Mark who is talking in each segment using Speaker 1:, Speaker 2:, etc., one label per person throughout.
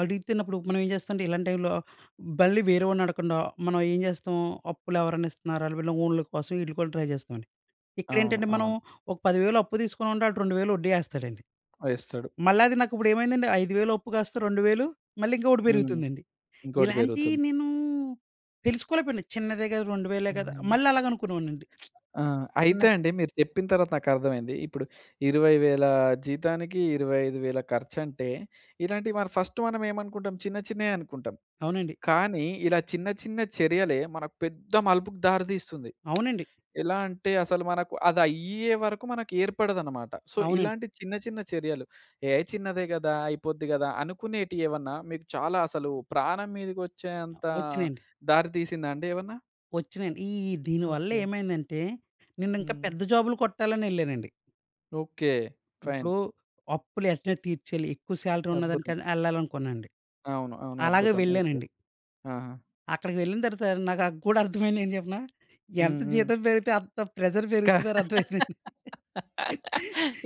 Speaker 1: అడిగితిన్నప్పుడు మనం ఏం జేస్తామంటే ఇలాంటి టైమ్‌లో, బల్లి వేరే వాడిని అడగకుండా, మనం ఏం జేస్తాం. అప్పులేవరైనా ఇస్తున్నారా, వీళ్ళ ఓన్లు కోసం వీళ్ళు కూడా ట్రై చేస్తామండి.
Speaker 2: అవును.
Speaker 1: ఇక్కడెంటంటే మనం,
Speaker 2: అవును.
Speaker 1: ఒక 10000 అప్పు తీసుకొనుంటే, వాడు 2000 వడ్డీ ఏస్తాడండి.
Speaker 2: ఆ! ఇస్తడు.
Speaker 1: మళ్ళా అది నాకు ఇప్పుడు ఏమైందండి, 5000 అప్పు కాస్త 2000 మళ్ళీ ఇంకొకటి
Speaker 2: హ్మ్
Speaker 1: పెరుగుతుందండి.
Speaker 2: .ఇంకోటి
Speaker 1: ఇలాంటియి
Speaker 2: పెరుగుతుంది.
Speaker 1: నేను, తెలుసుకోలేకపోయాను. చిన్నదే గదా! రెండు వేలే గదా
Speaker 2: హుహు.
Speaker 1: మళ్ళలాగనుకునేవాడనండీ.
Speaker 2: ఆ!
Speaker 1: తిన్న
Speaker 2: అయితే అండి. మీరు చెప్పిన తరువాత నాకర్థమైంది. ఇప్పుడు 20,000 జీతానికి, 25,000 ఖర్చంటే, ఇలాంటివి మరి మనం ఫస్ట్ మనమేమనుకుంటాం. చిన్న, చిన్నయి అనుకుంటాం.
Speaker 1: అవునండి.
Speaker 2: కానీ ఇలా చిన్న, చిన్న చర్యలే మనకు పెద్ద మలుపుకి దారి దీస్తుంది.
Speaker 1: అవునండి.
Speaker 2: ఎలా అంటే, అసలు మనకు అది అయ్యేవరకు మనకు ఏర్పడదన్నమాట. సో,
Speaker 1: అవునండి.
Speaker 2: ఇలాంటి చిన్న, చిన్న చర్యలు ఏ చిన్నదే గదా! అయిపోద్ది గదా! కానీ అనుకునేటియి ఏమన్నా మీకు చాలా అసలు ప్రాణం
Speaker 1: ఆ!
Speaker 2: మీదకొచ్చేంత
Speaker 1: వచ్చినయండి.
Speaker 2: దారి తీసిందా అండి ఏమన్నా?
Speaker 1: ఒచ్చినయండి. ఈ దీని వల్ల
Speaker 2: ఓకే.
Speaker 1: ఏమైందంటే, నేనింకా
Speaker 2: హ్మ్.
Speaker 1: పెద్ద జాబ్‌లు కొట్టాలని యేళ్ళానండి.
Speaker 2: ఓకే. ఫైన్.
Speaker 1: ఇప్పుడు, అప్పులు ఎంటనే తీర్చేయాలి, ఎక్కువ సాలరీ
Speaker 2: అద్భుతం!
Speaker 1: ఉన్నదానికకైనా ఎళ్ళాలనుకునండి.
Speaker 2: అవును. అవును.
Speaker 1: అలాగే
Speaker 2: అద్భుతం! ఓకే.
Speaker 1: వెళ్ళానండి.
Speaker 2: ఆహా!
Speaker 1: అక్కడికి వెళ్ళిన తరువాత, నాకు కూడ అర్థం అయింది ఏం చెప్పన.
Speaker 2: హ్మ్.
Speaker 1: ఎంత
Speaker 2: హ్మ్.
Speaker 1: జీతం పెరిగితే అంత ప్రెషర్ పెరుగుతుందని
Speaker 2: ఇంకా
Speaker 1: అర్థమయిందండి.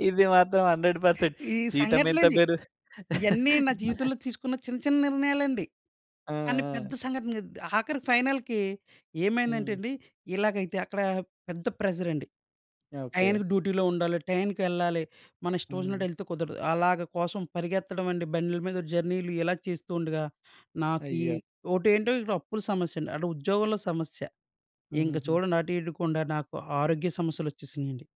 Speaker 2: ఇది మాత్రం 100%
Speaker 1: ఈ
Speaker 2: జీతంమెంత
Speaker 1: సంఘటనలండి.
Speaker 2: పెరు
Speaker 1: ఇయన్నీ నా జీవితంలో తీసుకున్న చిన్న, చిన్న నిర్ణయాలండి.
Speaker 2: ఆ!
Speaker 1: కాని పెద్ద
Speaker 2: ఆ!
Speaker 1: సంఘటన అద్ ఆఖరికి ఫైనల్‌కి ఏమైందంటే
Speaker 2: హ్మ్.
Speaker 1: అండి, ఇలాగైతే అక్కడ పెద్ద ప్రెషర్ అండి.
Speaker 2: ఓకే.
Speaker 1: టయానికి డుటిలో ఉండాలి, టయానికి వెళ్ళాలి, మన
Speaker 2: హ్మ్.
Speaker 1: ఇష్టమొచ్చినట్టు వెళ్తే కుదరదు. అలాగ కోసం పరిగెత్తడం అండి. బండ్ల మీద జర్నీలు ఇలా చేస్తూ ఉండగా, నాకీ
Speaker 2: అయ్యో!
Speaker 1: ఒకటేంటో అప్పుల సమస్య అండి, అటు ఉద్యోగంలో సమస్య, ఇంక
Speaker 2: హుహుహు.
Speaker 1: చూడండి. అటు ఇడకుండా నాకు ఆరోగ్య సమస్యలు వచ్చేసినియండి.